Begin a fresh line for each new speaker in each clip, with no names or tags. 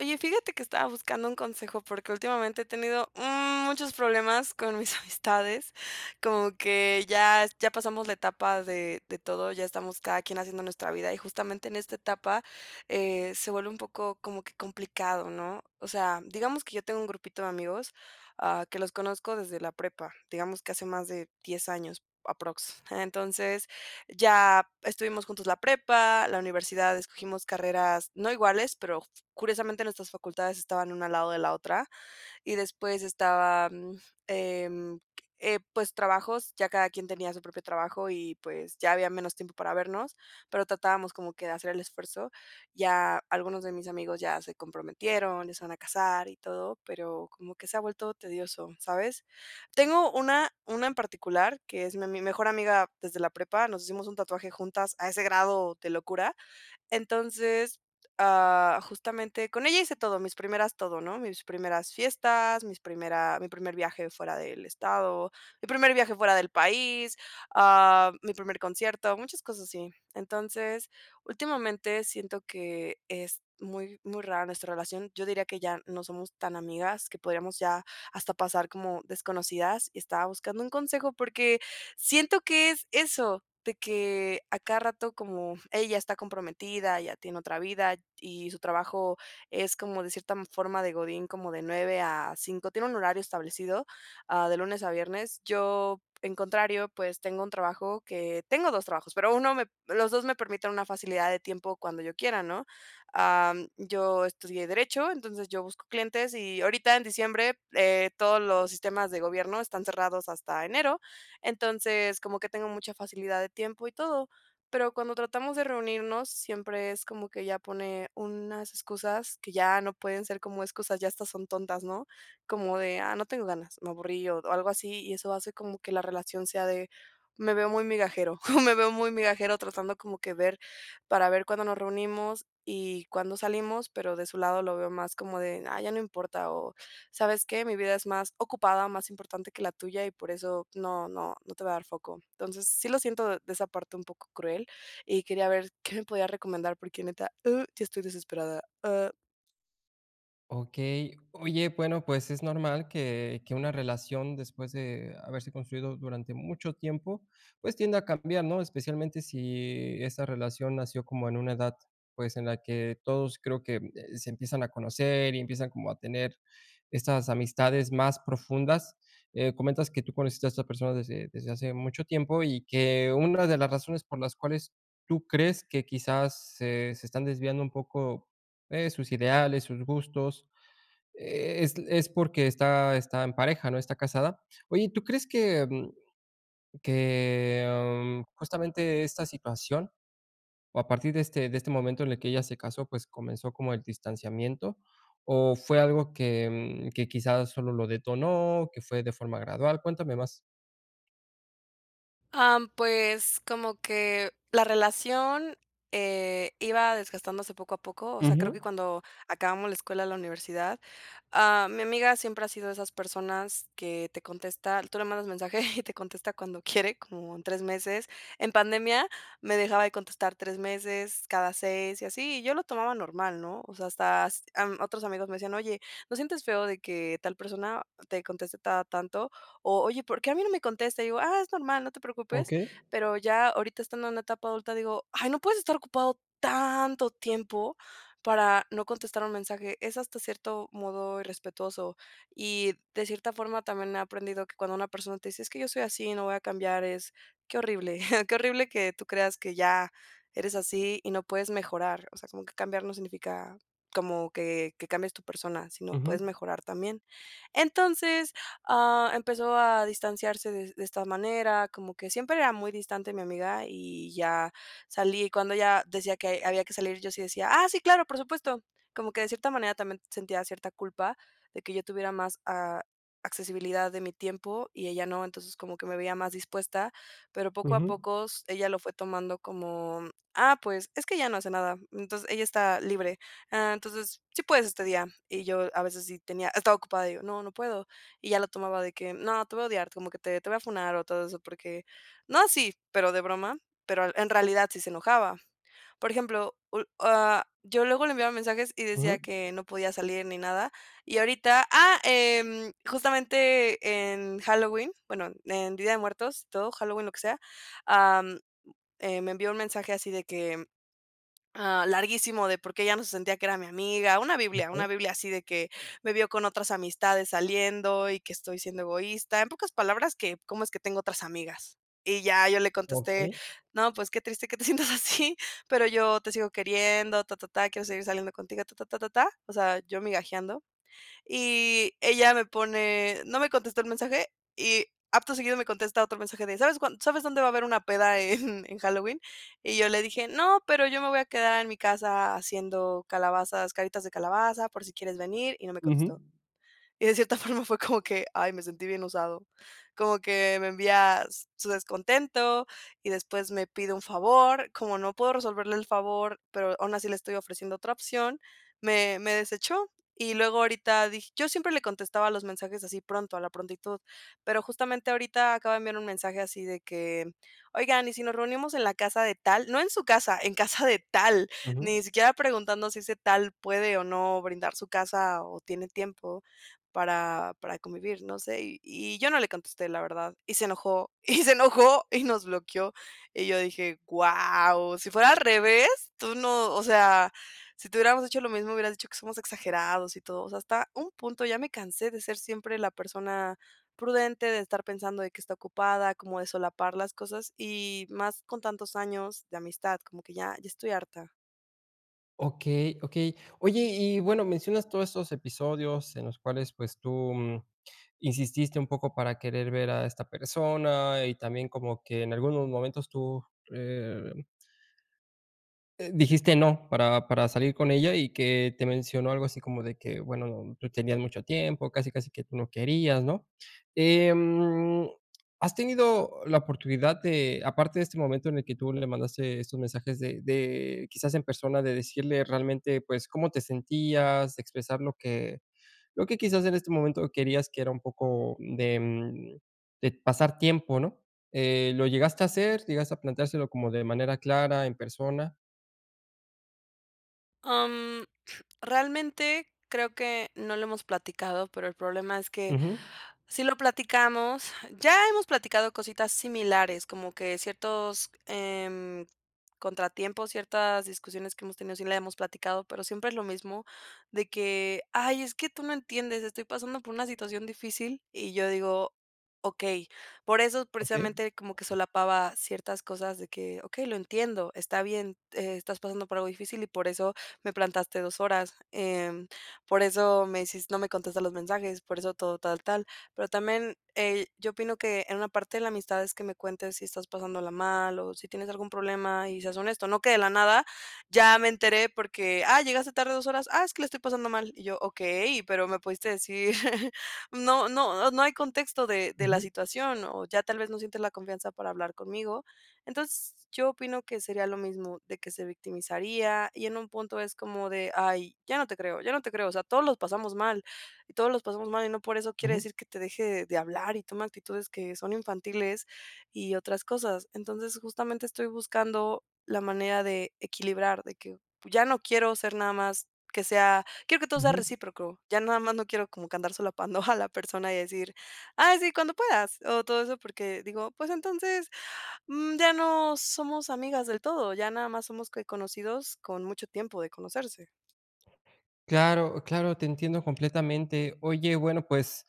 Oye, fíjate que estaba buscando un consejo porque, últimamente he tenido muchos problemas con mis amistades, como que ya es ya pasamos la etapa de de todo, ya estamos cada quien haciendo nuestra vida y justamente en esta etapa, eh, se vuelve un poco como que complicado, ¿no? O sea, digamos que yo tengo un grupito de amigos, ah, que los conozco desde la prepa, digamos que hace más de 10, años aproximadamente, Entonces ya estuvimos juntos la prepa, la universidad, escogimos carreras no iguales, pero s curiosamente nuestras facultades estaban una al lado de la otra y después estaba, mm, em, eh, pues, trabajos, ya cada quien tenía su propio trabajo y pues, ya había menos tiempo para vernos, pero, tratábamos como que de hacer el esfuerzo. Ya algunos de mis amigos ya se comprometieron, ya se van a casar y todo, pero, como que se ha vuelto tedioso, ¿sabes? Tengo una una en particular que es mi ami mi mejor amiga desde la prepa. Nos hicimos un tatuaje juntas a ese grado de locura. Entonces, ah, justamente con ella hice todo, mis primeras todo, ¿no? Mis primeras fiestas, mis primeras mi primer viaje fuera del estado, mi primer viaje fuera del país, ah, mi primer concierto, muchas cosas así. Entonces, últimamente siento que es muy muy rara nuestra relación. Yo diría que ya no somos tan amigas, que podríamos ya hasta pasar como desconocidas y estaba buscando un consejo, porque, siento que es eso de que a cada rato como ella está comprometida, ya tiene otra vida t y su trabajo es como de cierta forma de Godín, como de 9 a 5, Tiene un horario establecido, ah, de lunes a viernes. Yo, en contrario, pues, tengo un trabajo que tengo 2, trabajos, pero, 1, p me los 2, me permiten una facilidad de tiempo, cuando yo quiera, ¿no? Am, yo estudié derecho entonces yo busco clientes y ahorita en diciembre, eh, todos los sistemas de gobierno están cerrados hasta enero, entonces como que tengo mucha facilidad de tiempo y todo. Pero, cuando tratamos de reunirnos siempre es como que ella pone unas excusas que ya no pueden ser como excusas ya hasta son tontas, ¿no? Como de: "Ah, no tengo ganas, me aburrí", o algo así y eso hace como que la relación sea de me veo muy migajero me veo muy migajero tratando como que ver para ver cuándo nos reunimos y cuándo salimos, pero, de su lado lo veo más como de, ah, ya no importa o, ¿sabes qué? Mi vida es más ocupada, más importante que la tuya y por eso no no no te voy a dar foco. Entonces, sí lo siento de esa parte un poco cruel y quería ver qué me podría recomendar porque neta, uh, ya estoy desesperada, ah.
Okey. Oye, bueno, pues, es normal que que una relación después de haberse construido durante mucho tiempo, pues, tienda a cambiar, ¿no? Especialmente sÍ esa relación nació como en una edad, pues, en la que todos creo que, eh, se empiezan a conocer y empiezan como a tener estas amistades más profundas. Eh, comentas que tú conociste a estas personas desde desde hace mucho tiempo y que una de las razones por las cuales tú crees que quizás se se están desviando un poco, eh, sus ideales, sus gustos es es porque, está está en pareja, ¿no? Está casada. Oye, ¿tú crees que, mm, que justamente esta situación, o a partir de este de este momento en el que ella se casó, pues, comenzó como el distanciamiento? O fue algo que que, mm, quizás solo lo detonó, que fue de forma gradual. Cuéntame más.
Ah, pues, como que la relación, eh, iba desgastándose poco a poco. O sea, creo que
Ujú.
cuando acabamos la escuela, la universidad. Ah, mi amiga siempre ha sido de esas personas que te contesta tú le mandas mensaje y te contesta cuando quiere como en 3 meses. En pandemia me dejaba de contestar 3, meses, cada 6, y así, y yo lo tomaba normal, ¿no? O sea, hasta, em, otros amigos me decían: "Oye, ¿no sientes feo, de que tal persona, te conteste cada tanto?" O oye, ¿por qué a mí no me contesta? Y digo: "Ah, es normal, no te preocupes,"
Okey.
pero ya ahorita estando en etapa adulta digo: "Ay no puedes estar ocupado, tanto tiempo para no contestar un mensaje." Es hasta cierto modo irrespetuoso y de cierta forma también he aprendido que cuando una persona te dice: "Es que yo soy así y no voy a cambiar" es qué horrible. Qué horrible que tú creas que ya eres así y no puedes mejorar. O sea, como que cambiar no significa como que que cambies tu persona, sino puedes
Ujú.
mejorar también. Entonces, ah, empezó a distanciarse de de esta manera, como que siempre era muy distante mi amiga y ya salí y cuando ella decía que había que salir yo sí decía, ah, sí, claro, por supuesto. Como que de cierta manera también sentía cierta culpa, de que yo tuviera más a accesibilidad de mi tiempo y ella no. Entonces como que me veía más dispuesta, pero poco a
Ujú.
poco, ella lo fue tomando como, ah, pues, es que ella no hace nada. Entonces ella está libre. Ah, entonces, sí puedes este día, y yo a veces sí tenía estaba ocupada y digo: "No, no puedo." Y ya lo tomaba de que, no te voy a odiar como que te te voy a funar o todo eso porque no así, pero de broma, pero en realidad sí se enojaba. Por ejemplo, ah, yo luego le enviaba mensajes y decía:
Ujú.
"Que no podía salir ni nada", y ahorita. Ah, em, justamente en Halloween, bueno, en día de muertos, todo Halloween, lo que sea. Am, eh, me envió un mensaje así de que, ah, larguísimo de porque ella no se sentía que era mi amiga. Una Biblia
Okey.
una Biblia así de que me vio con otras amistades saliendo y que estoy siendo egoísta, en pocas palabras que cómo es que tengo otras amigas y ya yo le contesté.
Okey.
No pues, qué triste que te sientas así, pero yo te sigo queriendo ta, ta, ta. Quiero seguir saliendo contigo ta, ta, ta, ta, ta. O sea, yo migajeando y ella me pone no me contestó el mensaje y acto seguido me contesta otro mensaje de, ¿sabes cuán? ¿Sabes dónde va a haber una peda en en Halloween? Y yo le dije: "No, pero yo me voy a quedar en mi casa haciendo calabazas, caritas de calabaza por si quieres venir" y no me
Ujú.
contestó, y de cierta forma fue como que, ay, me sentí bien usado como que me envía su descontento y después me pide un favor, como no puedo resolverle el favor, pero aún así le estoy ofreciendo otra opción, me me desechó y luego ahorita dije yo siempre le contestaba los mensajes así pronto, a la prontitud, pero justamente ahorita acaba de enviar un mensaje así de que oigan, y ¿sí nos reunimos en la casa de tal? No en su casa, en casa de tal,
Ujú.
ni siquiera preguntando si ese tal puede, o no brindar su casa o tiene tiempo para para convivir, no sé. Y y yo no le contesté la verdad y se enojó y se enojó y nos bloqueó. Y yo dije guau, si fuera al revés, tú no, o sea. Sí te hubiéramos hecho lo mismo, hubieras dicho que somos exagerados y todo, está a un punto. Ya me cansé de ser siempre la persona prudente de estar pensando de que está ocupada como de solapar las cosas, y más con tantos años de amistad, como que ya ya estoy harta.
Okey, okey. Oye, y bueno, mencionas todos esos episodios en los cuales pues tú, mm, insististe un poco para querer ver a esta persona, y también como que en algunos momentos tú, eh eh, dijiste: "No". Para para salir con ella, y que te mencionó algo así como de que: "Bueno, tú tenías mucho tiempo". Casi casi que tú no querías, ¿no? Em, ¿has tenido la oportunidad de aparte de este momento en el que tú le mandaste estos mensajes de de, quizás en persona de decirle realmente, pues, cómo te sentías? Expresar lo que lo que quizás, en este momento querías que era un poco de, mm, de pasar tiempo, ¿no? Eh, ¿lo llegaste a hacer? ¿Llegaste a plantárselo como de manera clara en persona?
Am, realmente, creo que, no lo hemos platicado, pero el problema es que,
Ujú.
sí lo platicamos ya hemos platicado cositas similares, como que ciertos, em, contratiempos, ciertas discusiones que hemos tenido, si las hemos platicado, pero siempre es lo mismo. De que: "Ay, es que tú no entiendes, estoy pasando por una situación difícil". Y yo digo: "Okey". Por eso
Okey.
precisamente como que solapaba, ciertas cosas de que: "Okey, lo entiendo, está bien, eh, estás pasando por algo difícil, y por eso me plantaste 2, horas, em, por eso me hicis no me contestas los mensajes, por eso todo tal tal". Pero también, eh, yo opino que en una parte la amistad es que me cuentes si estás pasándola mal, o si tienes algún problema y seas honesto, no que de la nada, ya me enteré porque: "Ah, llegaste tarde 2, horas". "Ah, es que le estoy pasando mal". Y yo: "Okey, pero me pudiste decir no no no hay contexto de de la
Ujú.
situación, o ya tal vez no sientes la confianza para hablar conmigo". Entons yo opino que sería lo mismo de que se victimizaría, y en un punto es como de: "Ay, ya no te creo, ya no te creo. O sea, todos los pasamos mal, y todos los pasamos mal y no por eso quiere
Ujú.
decir que te deje de hablar, y tome actitudes que son infantiles, y otras cosas". Entonces justamente estoy buscando, la manera de equilibrar, de que, ya no quiero ser nada más que sea quiero que todo sea
Ujú.
recíproco. Ya nada más no quiero como que andar solapando a la persona y decir: "Ay, sí, cuando puedas". O todo eso, porque digo, pues, entonces, mm, ya no somos amigas del todo, ya nada más somos, ¿qué? Conocidos, con mucho tiempo de conocerse.
Claro claro. Te entiendo completamente. Oye, bueno, pues,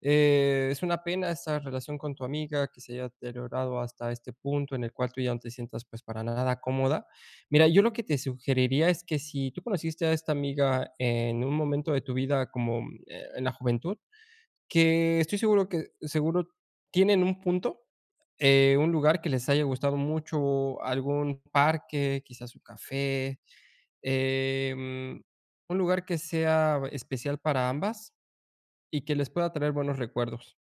eh, es una pena esta relación con tu amiga, que se haya deteriorado hasta este punto en el cual tú ya no te sientas, pues, para nada cómoda. Mira, yo lo que te sugeriría es que si tú conociste a esta amiga en un momento de tu vida como, mm, eh, la juventud que estoy seguro que seguro tienen un punto, eh, un lugar que les haya gustado mucho algún parque, quizás un café, eh, mm, un lugar que sea especial para ambas, y que les pueda traer buenos recuerdos.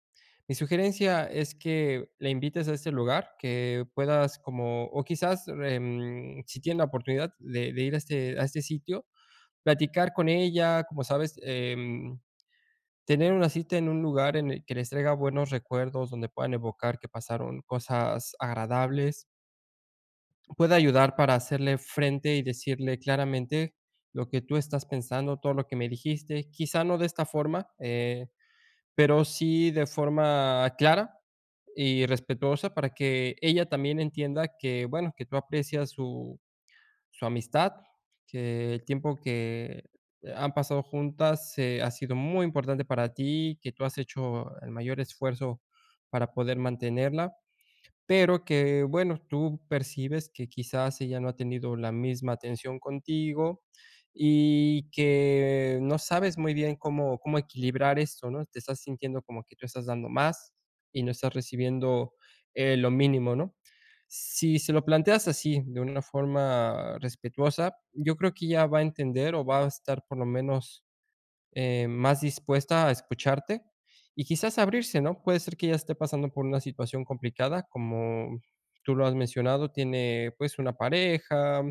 Mi sugerencia es que la invites a este lugar que puedas como, o quizás em, si tiene la oportunidad de de ir a este a este sitio, platicar con ella, como sabes, em, tener una cita en un lugar en el que les traiga buenos recuerdos, donde puedan evocar que pasaron cosas agradables pueda ayudar para hacerle frente y decirle claramente lo que tú estás pensando, todo lo que me dijiste. Quizá no de esta forma, eh, pero, sí de forma clara y respetuosa para que ella también entienda que bueno, que tú aprecias su su amistad que el tiempo que han pasado juntas, eh, ha sido muy importante para ti, que tú has hecho el mayor esfuerzo para poder mantenerla. Pero, que bueno, tú percibes que quizás ella no ha tenido la misma atención contigo y que no sabes muy bien cómo cómo equilibrar esto, ¿no? Te estás sintiendo como que tú estás dando más y no estás recibiendo, eh, lo mínimo, ¿no? Si se lo planteas así, de una forma respetuosa, yo creo que ella va a entender, o va a estar por lo menos, eh, más dispuesta a escucharte y quizás abrirse, ¿no? Puede ser que ella esté pasando por una situación complicada, como tú lo has mencionado. Tiene pues una pareja,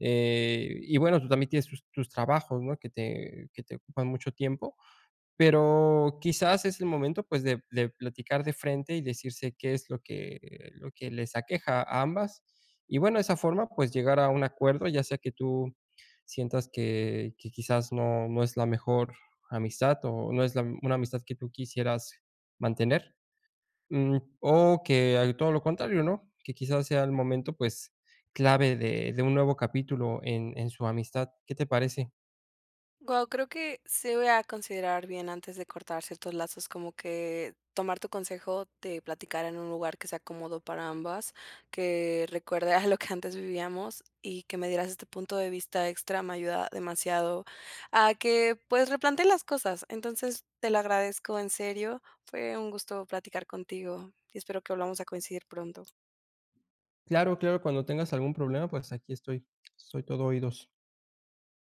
eh, y bueno, tú también tienes tus tus trabajos, no que te que te ocupan mucho tiempo, pero, quizás es el momento, pues, de de platicar de frente y decirse que es lo que lo que les aqueja a ambas y bueno, de esa forma, pues, llegar a un acuerdo, ya sea que tú sientas que que quizás no no es la mejor amistad o no es la una amistad que tú quisieras mantener, mm, o que hay todo lo contrario, no que quizás sea el momento, pues, clave de de un nuevo capítulo en en su amistad, ¿qué te parece?
Guau, creo que sí voy a considerar bien antes de cortar ciertos lazos, como que tomar tu consejo de platicar en un lugar que sea cómodo para ambas, que recuerde, ah, lo que antes vivíamos y que me dieras este punto de vista extra, me ayuda demasiado a que, pues replantee las cosas. Entonces, te lo agradezco en serio, fue un gusto platicar contigo, espero que volvamos a coincidir pronto.
Claro claro. Cuando tengas algún problema, pues, aquí estoy, soy todo oídos.